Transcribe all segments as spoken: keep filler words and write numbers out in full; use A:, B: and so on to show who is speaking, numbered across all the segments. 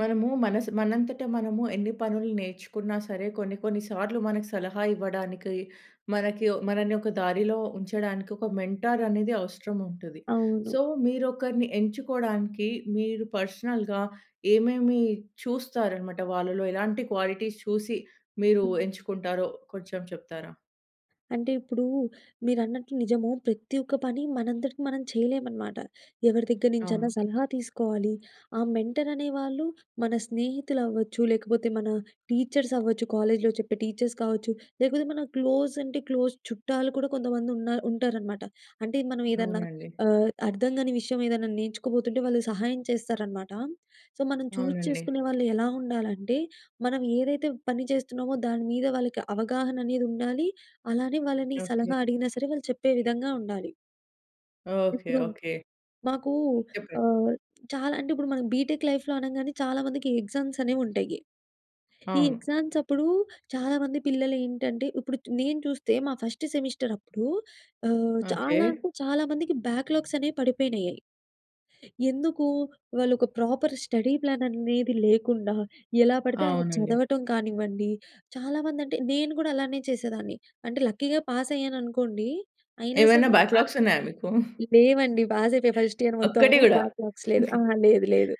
A: మనము మనసు మనంతట, మనము ఎన్ని పనులు నేర్చుకున్నా సరే, కొన్ని కొన్ని సార్లు మనకు సలహా ఇవ్వడానికి, మనకి ఓ మనల్ని ఒక దారిలో ఉంచడానికి ఒక మెంటార్ అనేది అవసరం ఉంటుది.
B: అవును.
A: సో, మీరొకరిని ఎంచుకోవడానికి, మీరు పర్సనల్‌గా ఏమేమి చూస్తారనమాట, వాళ్ళలో ఎలాంటి క్వాలిటీస్ చూసి మీరు
B: హ్మ్.
A: ఎంచుకుంటారో, కొంచెం చెప్తారా?
B: అంటే ఇప్పుడు, మీరన్నట్టు నిజము, ప్రతి ఒక్క పని మనంతటికీ మనం చేయలేమనమాట. ఎవరి దగ్గర నుంచైనా,
A: అవును.
B: సలహా తీసుకోవాలి. ఆ మెంటర్ అనే వాళ్ళు మన స్నేహితులు అవ్వచ్చు, లేకపోతే మన టీచర్స్ అవ్వచ్చు. కాలేజ్‌లో చెప్పే టీచర్స్ కావచ్చు. లేకపోతే మన క్లోజ్ అంటే క్లోజ్ చుట్టాలు కూడా, కొంతమంది ఉన్న ఉంటారనమాట. అంటే, మనం ఏదన్నా
A: అవునండి.
B: ఆహ్, అర్థం కాని విషయం ఏదన్నా, నేర్చుకోబోతుంటే, వాళ్ళు సహాయం చేస్తారనమాట. సో, మనం చూజ్
A: అవునండి.
B: చేసుకునే వాళ్ళు ఎలా ఉండాలంటే, మనం ఏదైతే పని చేస్తున్నామో, దాని మీద వాళ్ళకి అవగాహన అనేది ఉండాలి. అలానే వాళ్ళని
A: ఓకె.
B: సలహా అడిగినా సరే! వాళ్ళు చెప్పే విధంగా ఉండాలి.
A: ఓకె,
B: ఇప్పుడు
A: ఓకె.
B: మాకూ
A: చెప్పండి.
B: ఆహ్, చాలా అంటే ఇప్పుడు, మనం బీటెక్ లైఫ్‌లో అనంగానే చాలా మందికి ఎగ్జామ్స్ అనేవి ఉంటాయి. ఈ
A: అవును.
B: ఎగ్జామ్స్ అప్పుడు, చాలామంది పిల్లలు ఏంటంటే, ఇప్పుడు నేను చు చూస్తే మా ఫస్ట్ సెమిస్టర్ అప్పుడు ఆహ్,
A: ఓకె.
B: చాలా అంటే, చాలా మందికి బ్యాక్‌లాగ్స్ అనేవి పడిపోయినాయయి. ఎందుకు? వాళ్ళు ఒక ప్రాపర్ స్టడీ ప్లాన్ అనేది ఏది లేకుండా, ఎలా పడితే అలా
A: అవునండి.
B: చదవటం కానివ్వండి, చాలా మంది అంటే, నేను కూడా అలానే చేసేదాన్ని. అంటే లక్కీగా పాస్ అయ్యాను అనుకోండి. అయినా
A: ఏవైనా
B: సరే
A: బ్యాక్‌లాగ్స్ ఉన్నాయా మీకు?
B: లేవండి. పాస్ అయిపోయా ఫస్ట్ ఇయర్ మొత్తం
A: ఒక్కటి కూడా?
B: బ్యాక్‌లాగ్స్ లేదు. ఆ! లేదు లేదు.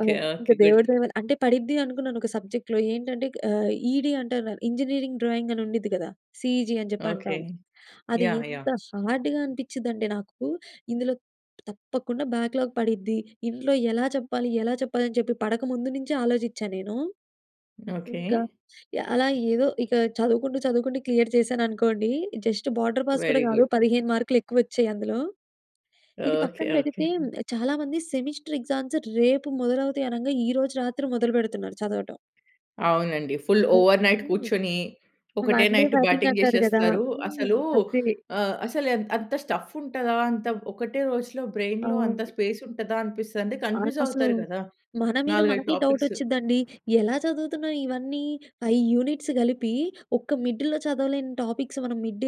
B: ఆ! ఇంకా
A: ఓకె. గుడ్.
B: దేవుడి దయ వాళ్ల అంటే పడిద్ది, అనుకున్నాను ఒక సబ్జెక్ట్‌లో ఏంటంటే ఆహ్, ఈడీ అంటారు. ఇంజనీరింగ్ డ్రాయింగ్ అని ఉండద్ది కదా! సిఇజీ అని చెప్పి
A: ఓకె.
B: అంటాము. అది
A: యాహ్!
B: ఎంత
A: యాహ్!
B: హార్డ్‌గా అనిపించిందంటే నాకు, ఇందులో తప్పకుండా, బ్యాక్‌లాగ్ పడిద్ది. ఇంట్లో ఎలా చెప్పాలి? ఎలా చెప్పాలి? అని చెప్పి పడక ముందు, నుంచే ఆలోచించాను నేను.
A: ఓకె.
B: ఇంకా యాహ్! అలా ఏదో, ఇక చదువుకుంటూ, చదువుకుంటూ క్లియర్ చేశాననుకోండి. జస్ట్ బోర్డర్ పాస్ కూడా
A: వెరీ
B: కాదు.
A: గుడ్.
B: పదిహేను మార్కులు ఎక్కువ వచ్చాయి అందులో. ఇది
A: ఓకె.
B: పక్కన
A: ఓకె.
B: పెడితే, చాలా మంది సెమిస్టర్ ఎక్సా‌మ్స్ రేపు మొదలవుతాయి అనంగా, ఈరోజు రాత్రి మొదలు పెడుతున్నారు, చదవటం.
A: అవునండి. ఫుల్ ఓవర్‌నైట్
B: [unintelligible]
A: కూర్చొని, ఒకటే
B: one‌ day
A: night
B: batting
A: batting
B: అంటారు కదా!
A: చేసేస్తరు.
B: హ్మ్.
A: అసలు
B: అదే.
A: ఆహ్, అసలు, ఎ అంత స్టఫ్ ఉంటదా? అంత ఒకటే రోజులో, బ్రైన్‌లో అంత
B: అవును.
A: స్పేస్ ఉంటదా? అనిపిస్తది. అంటే,
B: ఆ!
A: కన్ఫ్యూజ్
B: అసలు
A: అవుతారు కదా!
B: మన మీద
A: నాలుగైదు
B: మనకే డౌట్
A: టాపిక్స్
B: వచ్చిద్దండి. ఎలా చదువుతున్నాం, ఇవన్నీ? ఫైవ్ యూనిట్స్ కలిపి, ఒక్క మిడ్‌లో చదవలేని టాపిక్స్ మనం మిడ్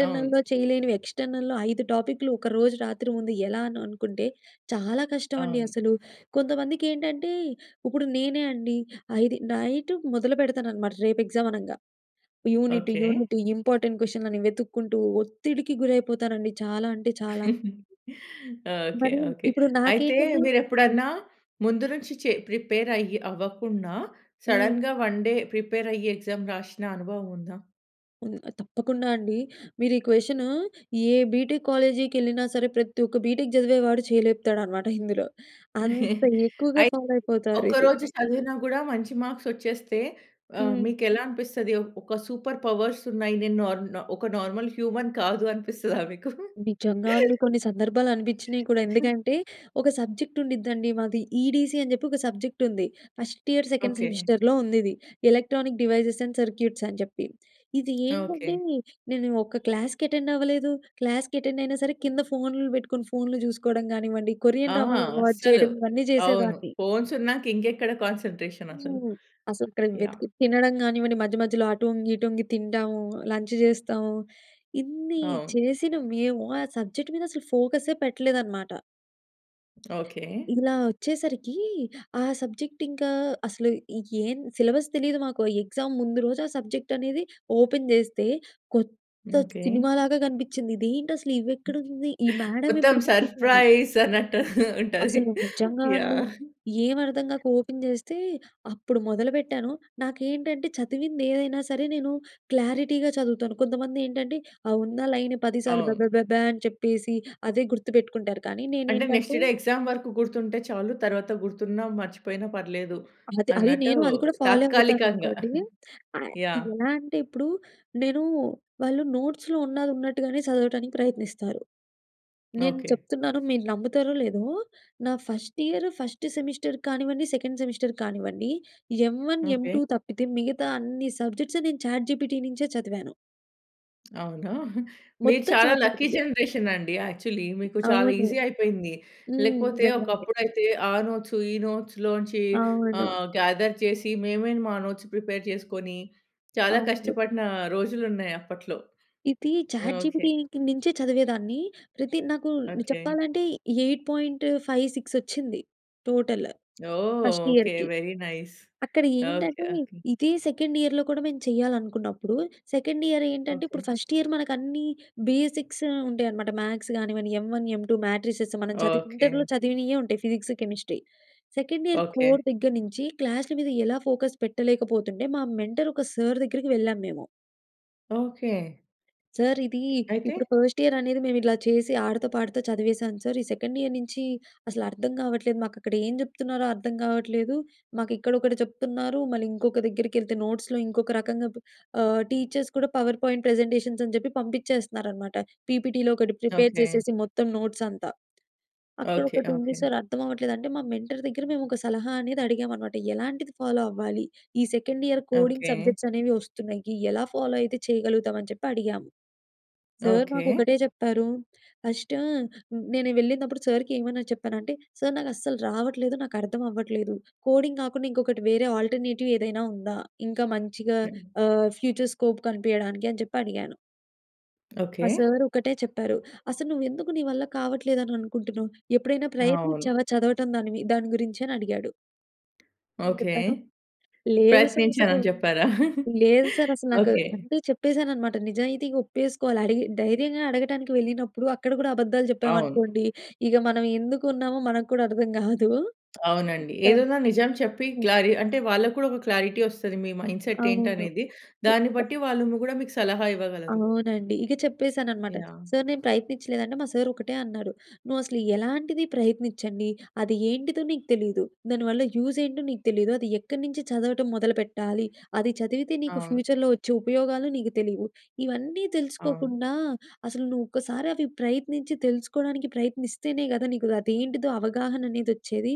A: అవును.
B: చేయలేనివి. ఎక్స్టర్నల్‍లో ఐదు టాపిక్‌లు, ఒక రోజు రాత్రి ముందు ఎలానో అనుకుంటే, చాలా కష్టమండి
A: అవును.
B: అసలు. కొంతమందికి ఏంటంటే, ఇప్పుడు నేనే అండి, ఆ! ఇది నైట్ మొదలు పెడతానన్నమాట, రేపు ఎగ్జామ్ అనంగా. Unit,
A: okay.
B: యూనిట్ ఇంపార్టెంట్ క్వశ్చన్‌లని వెతుక్కుంటూ, ఒత్తిడికి గురైపోతానండి చాలా అంటే చాలా.
A: ఓకె.
B: మరి,
A: ఓకె.
B: ఇప్పుడు
A: అయితే,
B: నాకేంటంటే
A: మీరు
B: హ్మ్.
A: ఎప్పుడన్నా, ముందు నుంచి చె ప్రిపేర్ అయ్యి అవ్వకుండా
B: హ్మ్.
A: సడెన్‌గా వన్‌ డే ప్రిపేర్ అయ్యి ఎగ్జామ్ రాసిన అనుభవం ఉందా?
B: హ్మ్. తప్పకుండా అండి. మీరు ఈ క్వెషనూ ఏ బీటెక్ కాలేజీకెళ్ళినా సరే ప్రతి ఒక్క బీటెక్ చదివేవాడు చేయి లేపుతాడనమాట ఇందులో, అంత ఎక్కువగా
A: అయితే
B: ఫాలో అయిపోతారు
A: ఒక్క
B: ఇది.
A: రోజు చదివినా కూడా మంచి మార్క్స్ వచ్చేస్తే ఆహ్,
B: హ్మ్.
A: మీకు ఎలా అనిపిస్తది? ఒ ఒక సూపర్ పవర్స్ ఉన్నాయి. నేను నార్ నా ఒక నార్మల్ హ్యూమన్ కాదు అనిపిస్తదా మీకు?
B: నిజంగా అండి! కొన్ని సందర్భాలనిపించినాయి కూడ. ఎందుకంటే ఒక సబ్జెక్ట్ ఉండిద్దండి మాది ఈడీసీ అని జెప్పి ఒక సబ్జెక్ట్ ఉంది. First year second
A: okay.
B: సెమిస్టర్‌లో ఉందిది. ఎలక్ట్రానిక్ డివైసెస్ అండ్ సర్క్యూట్స్ అని చెప్పి. ఇది ఏంటంటే
A: ఓకె.
B: నేను ఒక క్లాస్‍‌కెటెండవ్వలేదు, క్లాస్‍‌కెటెండైయినా సరే కింద ఫోన్‌లు బెట్టుకొని, ఫోన్‌లు జూసుకోవడం గానివ్వండి
A: ఆ!
B: కొరియన్ డ్రామాలు అలువటు
A: అస్సలు
B: చేయడం. ఇవన్నీ
A: అవును.
B: జేసేదాన్ని.
A: ఫోన్స్ ఉన్నాక ఇంకెక్కడ కాన్సంట్రేషన్ అసలు.
B: హ్మ్. అసలు
A: యాహ్!
B: [unintelligible] తినడం గానివ్వండి. మధ్య మధ్యలో అటు వొంగి, ఇటు వొంగి తిండం. లంచ్ జేస్తవు. ఇన్నీ
A: అవును.
B: చేసిన మేము ఆ సబ్జెక్ట్ మీద అసలు ఫోకస్సె పెట్టలేదన్నమాట.
A: ఓకె.
B: ఇలా వచ్చేసరికీ ఆ సబ్జెక్ట్ ఇంకా అసలు ఏం సిలబస్ తెలీదు మాకు. ఎగ్జామ్ ముందు రోజు ఆ సబ్జెక్ట్ అనేది ఓపెన్ జేస్తే కొత్త
A: ఓకె.
B: సినిమా లాగా గనిపించింది, ఇదేంటి అసలు ఇవి ఎక్కడుంది! ఈ మేడం
A: మొత్తం
B: ఎప్పుడు చెప్పిందని.
A: సర్‌ప్రైజ్ అన్నట్టు ఉంటది.
B: అసలు నిజంగా అండి.
A: యాహ్!
B: ఏమర్థం గాక ఓపెన్ జేస్తే. అప్పుడు మొదలుపెట్టాను, నాకు ఏంటంటే చదివిందేదైనా సరే నేనూ క్లారిటీగా చదువుతాను. కొంతమంది ఏంటంటే ఆ ఉన్న లైన్ పదిసార్లు
A: అవును.
B: బెబెబెబా అని చెప్పేసి అదే గుర్తుపెట్టుకుంటారు. కానీ
A: అంటే నెక్స్ట్
B: నేనేంటంటే
A: డే ఎగ్జామ్ వరకు గుర్తుంటే చాలు. తర్వాత గుర్తున్నా, మర్చిపోయినా పర్లేదు
B: అదే అది
A: అన్నట్టు
B: నేను, అది కూడా ఫాలో
A: తాత్కాలికంగా.
B: అవుతాననుకోండి. ఆహ్,
A: యాహ్!
B: ఎలా అంటే ఇప్పుడు నేనూ వాళ్ళు నోట్స్‌లో ఉన్నదున్నట్టుగానే సదవటానికి ప్రయత్నిస్తారు. నేను
A: ఓకె.
B: చెప్తున్నాను మీరు నమ్ముతారో లేదో, నా ఫస్ట్ ఇయర్ ఫస్ట్ సెమిస్టర్ కానివ్వండి సెకండ్ సెమిస్టర్ కానివ్వండి. M one M
A: okay.
B: Two తప్పితే మిగతా అన్ని సబ్జెక్ట్స్ నేను చాట్‌జిపిటి నించే చదివాను.
A: అవునా? మీరు
B: మొత్తం
A: చాలా లక్కీ
B: చాట్‌జి‌పిటి‌యే.
A: జనరేషన్ అండి యాక్చువల్లీ మీకు చాలా
B: అవును.
A: ఈజీ అయిపోయింది.
B: హ్మ్.
A: లేకపోతే
B: నిజంగండి.
A: ఒకప్పుడైతే ఆ నోట్సు, ఈ నోట్స్‌లోంచి
B: అవును.
A: ఆహ్, గ్యాదర్ చేసి, మేమే మా నోట్స్‌ ప్రిపేర్ చేసుకొని, చాలా
B: అవును.
A: కష్టపడిన రోజులున్నాయి అప్పట్లో
B: ఇది
A: యాహ్! ఓకే.
B: చాట్‌జి‌పిటి‌కి నుంచే చదివేదాన్ని, ప్రతి నాకు
A: ఓకే.
B: చెప్పాలంటే ఎయిట్ పాయింట్ ఫైవ్ సిక్స్ వచ్చింది. టోటల్
A: ఓహో!
B: First
A: okay.
B: ఇయర్‌‌కి.
A: Very nice.
B: అక్కడ
A: ఓకే.
B: ఏంటంటే
A: ఓకే.
B: ఇదే సెకండ్ ఇయర్‍‌లో కూడా మేము చేయాలనుకున్నప్పుడు, సెకండ్ ఇయర్‍ ఏంటంటే
A: ఓకే.
B: ఇప్పుడు ఫస్ట్ ఇయర్‌ మనకు అన్నీ బేసిక్స్ ఉంటాయన్నమాట. మ్యాథ్స్ కానివ్వండి, M‌ one, M‌ two, matrices మనం చదివి
A: ఓకే.
B: ఇంటర్‍‌లో చదివినయే ఉంటయి. Physics, chemistry. Second year
A: okay.
B: Core దగ్గర నుంచి క్లాస్‌ల మీద ఎలా ఫోకస్ పెట్టలేకపోతుండే, మా మెంటర్ ఒక సార్ దగ్గరికి వెళ్ళాము మేము.
A: ఓకే.
B: సార్ ఇది
A: అయితే?
B: ఇప్పుడు ఫస్ట్ ఇయర్‌ అనేది మేము ఇలా చేసి ఆడతా, పాడతా చదివేసాను సార్. ఈ సెకండ్ ఇయర్‍ నుంచి అసలు అర్థం కావట్లేదు. మాకు అక్కడ ఏం చెప్తున్నారో అర్థం కావట్లేదు. మాకు ఇక్కడొకటి చెప్తున్నారు, మళ్ళీ ఇంకొకి దగ్గరికి ఏళ్తే నోట్స్‌‌లో ఇంకొక రకంగా బు ఆహ్ టీచర్స్ కూడా పవర్ పాయింట్ ప్రజెంటేషన్స్ అని చెప్పి పంపించేస్తున్నారన్నమాట. పీపీటీలో ఒకటి ప్రిపేర్
A: ఓకే.
B: చేసేసి మొత్తం నోట్స్‌ అంతా. అక్కడ
A: ఓకే.
B: ఒకటి ఉంది
A: ఓకే.
B: సార్ అర్థం అవ్వట్లేదు అంటే, మా మెంటార్ దగ్గర మేము ఒక సలహా అనేది అడిగామన్నమాట. ఎలాంటిది ఫాలో అవ్వాలి? ఈ second year coding
A: okay.
B: Subjects అనేవి వస్తున్నాయి, ఎలా ఫాలో అయితే చేయగలుగుతాం అని చెప్పి అడిగాము. సార్ మాకు
A: ఓకే.
B: ఒకటే చెప్పారు. ఫస్ట్ నేను వెళ్ళినప్పుడు సార్‌కి ఏమని చెప్పాను అంటే సార్ నాకు అస్సలు రావట్లేదు, నాకు అర్థం అవ్వట్లేదు. కోడింగ్ కాకుండా ఇంకొకటి వేరే అల్ట్రర్నేటివ్ ఏదైనా ఉందా? ఇంకా మంచిగా
A: హ్మ్.
B: ఆహ్, ఫ్యూచర్ స్కోప్ కనిపియడానికని చెప్పి అడిగాను. ఆ
A: ఓకె.
B: సార్ ఒకటే చెప్పారు. "అసలు నువ్వు ఎందుకు, నీ వల్ల కావట్లేదు, అని అనుకుంటున్నావు. ఎప్పుడైనా
A: అవును.
B: ప్రయత్నించావా? చదవటం దాని మీ దాని గురించి" అని అడిగాడు. నేను
A: ఓకె.
B: చెప్పాను, "లేదు సార్
A: ప్రయత్నించాను
B: అసలు
A: అని చెప్పారా?
B: లేదు సార్ అసలు నాకు"
A: ఓకె.
B: అంటే, చెప్పేసాననమాట. నిజాయితీగా, ఒప్పేసుకోవాలి. అడిగి దైర్యంగా అడగటానికి వెళ్ళినపుడు, అక్కడ కూడా అబద్ధాలు
A: అవును.
B: చెప్పమనుకోండి, ఇగ మనం ఎందుకు ఉన్నామో, మనకు కూడా అర్థం కాదు.
A: అవునండి.
B: [unintelligible]
A: ఏదున్న నిజం చెప్పి
B: హ్మ్.
A: క్లారీ అంటే వాళ్ళకి కూడా ఒక క్లారిటీ వస్తది మీ మైండ్ సెట్ ఏంటి
B: అవును.
A: అనేది దాన్ని
B: చెప్పా.
A: బట్టి, వాళ్ళు ము కూడా మీకు సలహా ఇవ్వగలరు.
B: అవునండి. ఇక చెప్పేసాననమాట.
A: యాహ్!
B: సార్, నేను ప్రయత్నించలేదంటే" మా సార్ ఒకటే అన్నాడు. "నువ్వు అసలు ఎలాంటిది ప్రయత్నించంది, అది ఏంటిదో నీకు తెలీదు. దానివల్ల యూజ్ ఏంటో నీకు తెలీదు. అది ఎక్కడి నుంచి చదవటం మొదలుపెట్టాలి, అది చదివితే నీకు
A: అవును.
B: ఫ్యూచర్‍లో వచ్చే ఉపయోగాలు నీకు తెలియవు. ఇవన్నీ
A: అవును.
B: తెలుసుకోకుండా, అసలు, నువ్వు ఒక్కసారి అవి ప్రయత్నించి, తెలుసుకోవడానికి ప్రయత్నిస్తేనే కదా! నీకు అదేంటిదో, అవగాహన అనేది వచ్చేది.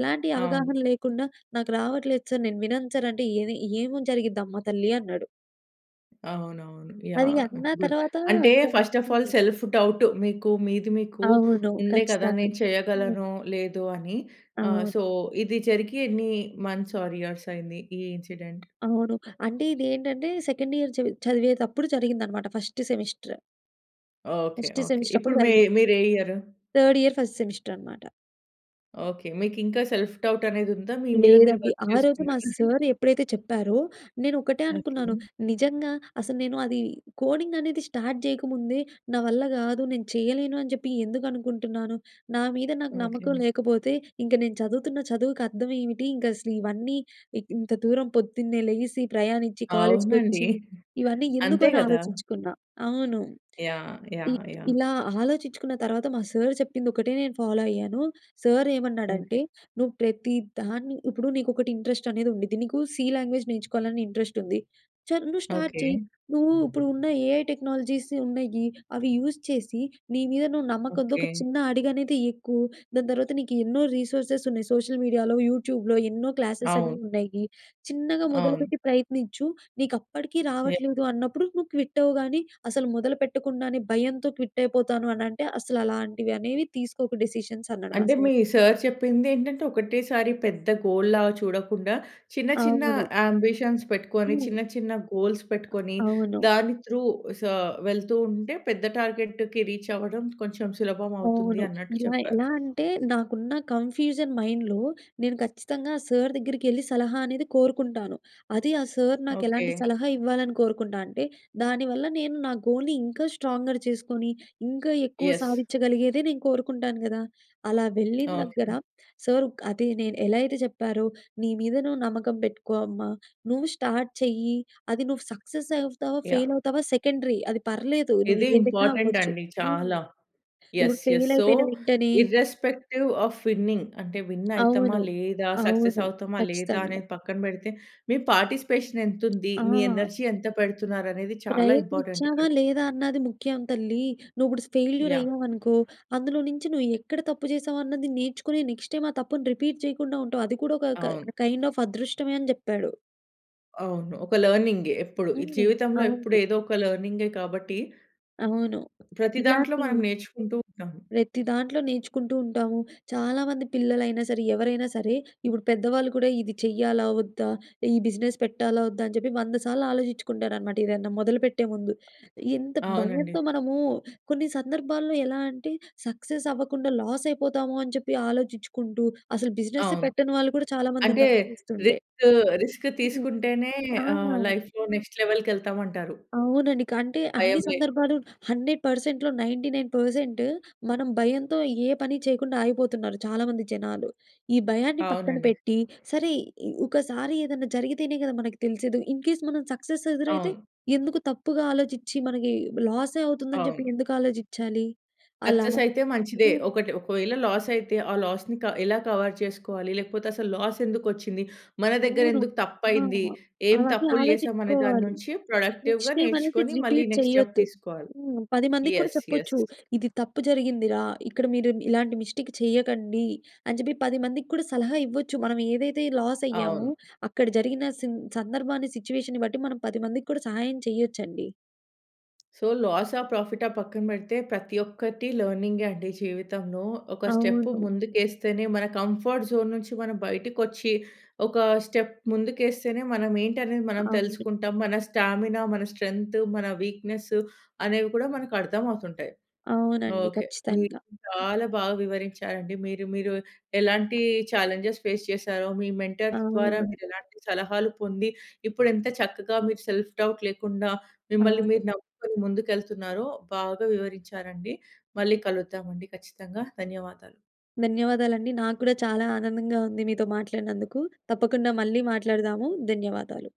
B: ఎలాంటి అవగాహన
A: అవును.
B: లేకుండా, "నాకు రావట్లేదు సార్ నేను వినను సార్ అంటే, ఏది ఏమని జరిగిద్దమ్మా తల్లి" అన్నాడు.
A: అవునవును.
B: అది
A: యాహ్!
B: అన్న
A: గుడ్
B: తరువాత,
A: అంటే,
B: ఇంకా
A: ఫస్ట్ ఆఫ్ ‌ఆల్,
B: హ్మ్.
A: సెల్ఫ్ డౌట్ మీకు మీది మీకు
B: అవును.
A: ఉండే కదా!
B: ఖచ్చితంగా!
A: నేను
B: హ్మ్.
A: చేయగలనో, లేదో అని? ఆహ్,
B: అవును.
A: సో, ఇది జరిగి ఎన్ని మంత్స్, ఆర్ ఇయర్స్ అయింది ఈ ఇన్సిడెంట్.
B: అవును. అంటే, ఇది ఏంటంటే సెకండ్ ఇయర్ చది చదివేటప్పుడు, జరిగిందనమాట first semester.
A: Okay.
B: First
A: okay.
B: Semester అప్పుడు
A: ఇప్పుడు మె
B: జరిగింది.
A: మీరు ఏ year?
B: Third year, first semester అనమాట.
A: ఓకె. మీకు ఇంకా సెల్ఫ్ డౌట్ అనేది ఉందా? మీ మీద మీరు
B: లేదండి.
A: వర్క్
B: ఆ రోజు మా
A: చేసుకున్నారా?
B: సార్ ఎప్పుడైతే చెప్పారో, నేను ఒకటే
A: ఓకె.
B: అనుకున్నాను. నిజంగా అసలు, "నేను అది కోడింగ్ అనేది స్టార్ట్ చేయగముందే నా వల్ల గాదు, నేను చేయ్యలేను" అని చెప్పి ఎందుకు అనుకుంటున్నాను? నా మీద నాకు
A: ఓకె.
B: నమ్మకం లేకపోతే ఇంక నేను చదువుతున్న చదువుకి అర్థం ఏమిటి? ఇంకా అసలు, ఇవన్నీ ఇ ఇంత దూరం పొద్దున్నే లేసి, ప్రయాణించి, కాలేజ్‌
A: అవునండి.
B: కొచ్చి, ఇవన్నీ ఎందుకు?
A: అంతే
B: అని
A: గదా!
B: ఆలోచించుకున్నా. అవును.
A: యాహ్!
B: ఇ
A: యాహ్! యాహ్!
B: ఇలా ఆలోచించుకున్న తర్వాత మా సార్ చెప్పింది, ఒక్కటే నేను ఫాలో అయ్యాను. సార్ ఏమన్నాడంటే,
A: ఓకె.
B: "నువ్వు ప్రతిదాన్ని ఇప్పుడు నీకు ఒకటి ఇంట్రెస్ట్ అనేది ఉండిద్ది. నీకు సి లాంగ్వేజ్ నేర్చుకోవాలని ఇంట్రెస్ట్ ఉంది. చర్ నువ్వు స్టార్ట్ చెయ్యి,
A: ఓకె.
B: నువ్వు ఇప్పుడున్న ఏఐ టెక్నాలజీస్ ఉన్నాయి. అవి యూజ్ చేసి, నీ మీద నువ్వు నమ్మకంతో ఒక
A: ఓకె.
B: చిన్న అడుగనేది ఎక్కు. దాని తర్వాత నీకు ఎన్నో రిసోర్సెస్ ఉన్నాయి. సోషల్ మీడియాలో, యూట్యూబ్‍లో ఎన్నో క్లాసెస్ అనేవి
A: అవును.
B: ఉన్నాయి. చిన్నగా
A: అవును.
B: మొదలుపెట్టి ప్రయత్నిచ్చు. నీకు అప్పటికి
A: ఎ
B: రావట్లేదు అన్నప్పుడు నువ్వు క్విట్ అవ్వు గానీ, అసలు మొదలు పెట్టకుండానే భయంతో క్విట్ అయిపోతాను అని అంటే అసలు అలాంటివి అనేవి తీసుకోకు డిసిషన్స్." అన్నాడు, మా
A: అంటే,
B: సార్.
A: మీ సార్ చెప్పింది ఏంటంటే, "ఒకటేసారి పెద్ద గోల్‌లాగా చూడకుండా, చిన్న చిన్న
B: అవును.
A: యాంబిషన్స్ పెట్టుకొని,
B: హ్మ్.
A: చిన్న చిన్న గోల్స్ పెట్టుకొని,
B: అవును.
A: దాని త్రూ సా వెళ్తూ ఉంటే, పెద్ద టార్గెట్‌కి రీచ్ అవ్వడం కొంచెం సులభం అవుతుంది."
B: అవును.
A: అన్నట్టు
B: ఇలా
A: చెప్పారు.
B: ఎలా అంటే, నాకున్న కన్ఫ్యూజన్ మైండ్‌లో నేను ఖచ్చితంగా సార్ దగ్గరికెళ్ళి, సలహా అనేది కోరుకుంటాను. అది ఆ సార్ నాకు ఎలాంటి
A: ఓకె.
B: సలహా ఇవ్వాలని కోరుకుంటా అంటే, దాని వల్ల నేను నా గోల్‍ని ఇంకా స్ట్రాంగర్ చేసుకొని, ఇంకా ఎక్కువ
A: యస్.
B: సాధించగలిగేదే నేను కోరుకుంటాను గదా! అలా వెళ్ళిన దగ్గర,
A: ఓకె.
B: సార్ అది నేను ఎలా అయితే చెప్పారో, "నీ మీద నువ్వు నమ్మకం పెట్టుకో అమ్మ, నువ్వు స్టార్ట్ చెయ్యి, అది నువ్వు సక్సెస్ అవుతావా?
A: యాహ్!
B: ఫెయిల్ అవుతావా? సెకండరీ. అది పర్లేదు. నువ్వు
A: ఇది
B: ఏదైనా
A: ఇంపార్టెంట్
B: అవ్వచ్చు."
A: అండి
B: హ్మ్.
A: చాలా.
B: ఇప్పుడు
A: యస్, యస్.
B: ఫెయిల్
A: సో
B: అయిపోయిన వెంటనే
A: ఇ‌ర్‌రెస్పెక్టీవ్ ఆఫ్ విన్నింగ్ అంటే, విన్ అయతమా?
B: అవును.
A: లేదా? సక్సెస్
B: అవును.
A: అవుతామా? లేదా?
B: ఖచ్చితంగా.
A: అనేది పక్కన పెడితే, మీ పార్టిసిపేషన్ ఎంతుంది? మీ
B: ఆ!
A: ఎనర్జీ ఎంత పెడుతున్నారు? అనేది చాలా ఇంపార్టెంట్ ఇక్కడ.
B: "ప్రయత్నిచ్చావా లేదా అన్నది ముఖ్యం తల్లి. నువ్వు ఇప్పుడు ఫెయిల్యూర్
A: యాహ్!
B: అయ్యావనుకో, అందులో నుంచి నువ్వు ఎక్కడ తప్పు చేసావు అన్నది నేర్చుకొని, నెక్స్ట్ టైమ్ ఆ తప్పుని రిపీట్ చేయకుండా ఉంటావు. అది కూడా ఒక క
A: అవును.
B: కైండ్ ఆఫ్ అదృష్టమే" అని చెప్పాడు.
A: అవును. ఒక లెర్నింగే ఎప్పుడు. ఈ
B: హ్మ్.
A: జీవితంలో ఎప్పుడు
B: అవును.
A: ఏదో ఒక లెర్నింగే కాబట్టి
B: అవును.
A: ప్రతి దాంట్లో
B: ఇలాంటి
A: మనం నేర్చుకుంటూ ఉంటాము.
B: ప్రతి దాంట్లో నేర్చుకుంటూ ఉంటాము. చాలా మంది పిల్లలైనా సరే ఎవరైనా సరే, ఇప్పుడు పెద్దవాళ్ళు కూడా ఇది చేయ్యాలా? వద్దా? ఈ బిజినెస్ పెట్టాలా? వద్దా? అని చెప్పి వంద సార్లు ఆలోచించుకుంటారు అన్నమాట ఏదైనా మొదలుపెట్టే ముందు. ఎంత
A: అవునండి.
B: భయంతో మనము కొన్ని సందర్భాల్లో ఎలా అంటే సక్సెస్ అవ్వకుండా లాస్ అయిపోతామో అని చెప్పి ఆలోచిచుకుంటూ అసలు బిజినెసే
A: అవును.
B: పెట్టని వాళ్ళు కూడా చాలా మంది
A: అంటే
B: ఉన్నారు చూస్తుంటే.
A: రిస్క్ రిస్క్
B: హ్మ్.
A: తీసుకుంటేనే
B: ఆ!
A: ఆహ్, లైఫ్‌లో నెక్స్ట్ లెవెల్‌కెళ్తాము అంటారు.
B: అవునండి. కంటే అన్ని
A: భయం లేకుండా.
B: సందర్భాలు హండ్రెడ్ పర్సెంట్‌లో నైన్టీ నైన్ పర్సెంట్ మనం భయంతో ఏ పని చేయకుండా ఆగిపోతున్నారు చాలామంది జనాలు. ఈ భయాన్ని పక్కన
A: అవునండి.
B: పెట్టి సరే ఇ ఒకసారి ఏదైనా జరిగితేనే కదా మనకి తెలిసేది. ఇన్‌కేస్ మనం సక్సెస్ ఎదురైతే?
A: అవును.
B: ఎందుకు తప్పుగా ఆలోచిచి మనకి లాసే అవుతుందని చెప్పి
A: అవును.
B: ఎందుకు ఆలోచించాలి? అలా
A: సక్సెస్ అయితే మంచిదే.
B: హ్మ్.
A: ఒకటి ఒకవేళ లాస్ అయితే ఆ లాస్‌ని కవ ఎలా కవర్ చేసుకోవాలి? లేకపోతే అసలు లాస్ ఎందుకు వచ్చింది? మన దగ్గర
B: అవును.
A: ఎందుకు
B: ఆ!
A: తప్పైంది? ఏం
B: అవన్నీ
A: తప్పులు చేసాం? అనే
B: ఆలోచించుకోవాలి.
A: దాన్నుంచి
B: నెక్స్ట్
A: ప్రొడక్టివ్‌గా
B: టైమ్ అనేది
A: నేర్చుకొని మళ్ళీ
B: రిపీట్
A: నెక్స్ట్ స్టెప్
B: చేయొద్దు.
A: తీసుకోవాలి.
B: హ్మ్, పది మందికి కూడా
A: యెస్. యెస్.
B: చెప్పొచ్చు. ఇది తప్పు జరిగిందిరా! ఇక్కడ మీరు ఇలాంటి మిస్టేక్ చేయకండి. అని చెప్పి పది మందికి కూడా సలహా ఇవ్వచ్చు. మనం ఏదైతే లాస్
A: అవును.
B: అయ్యామో అక్కడ జరిగిన సిం సందర్భాన్ని సిట్యుయేషన్‌ని బట్టి మనం పది మందికి కూడా సహాయం చేయొచ్చండి.
A: సో లాసా? ప్రాఫిటా? పక్కన పెడితే ప్రతి ఒక్కటి లెర్నింగే అండి జీవితంలో. ఒక స్టెప్
B: అవును.
A: ముందుకెస్తేనే మన కంఫర్ట్ జోన్ నుంచి మనం బయటికొచ్చి, ఒక స్టెప్ ముందుకేస్తేనే మనం ఏంటనేది మనం
B: అవును.
A: తెలుసుకుంటాం. మన స్టామినా, మన స్ట్రెంత్, మన వీక్నెస్, అనేవి కూడా మనకు అర్థం అవుతుంటాయి.
B: అవునండి.
A: ఓకె. మీరు
B: ఖచ్చితంగా.
A: చాలా బాగా వివరించారండి. మీరు మీరు ఎలాంటి ఛాలెంజెస్ ఫేస్ చేశారో, మీ మెంటర్స్ ద్వారా
B: అవునండి.
A: మీరు ఎలాంటి సలహాలు పొంది, ఇప్పుడు ఎంత చక్కగా మీరు సెల్ఫ్‌‌డౌట్ లేకుండా, మిమ్మల్ని
B: అవును.
A: మీరు నమ్ముకుని ముందుకెళ్తున్నారో బాగా వివరించారండి. మళ్ళీ కలుద్దామండి, ఖచ్చితంగా. ధన్యవాదాలు.
B: ధన్యవాదాలండీ. నాకు కూడా చాలా ఆనందంగా ఉంది మీతో మాట్లాడినందుకు. తప్పకుండా మళ్ళీ మాట్లాడుదాము. ధన్యవాదాలు.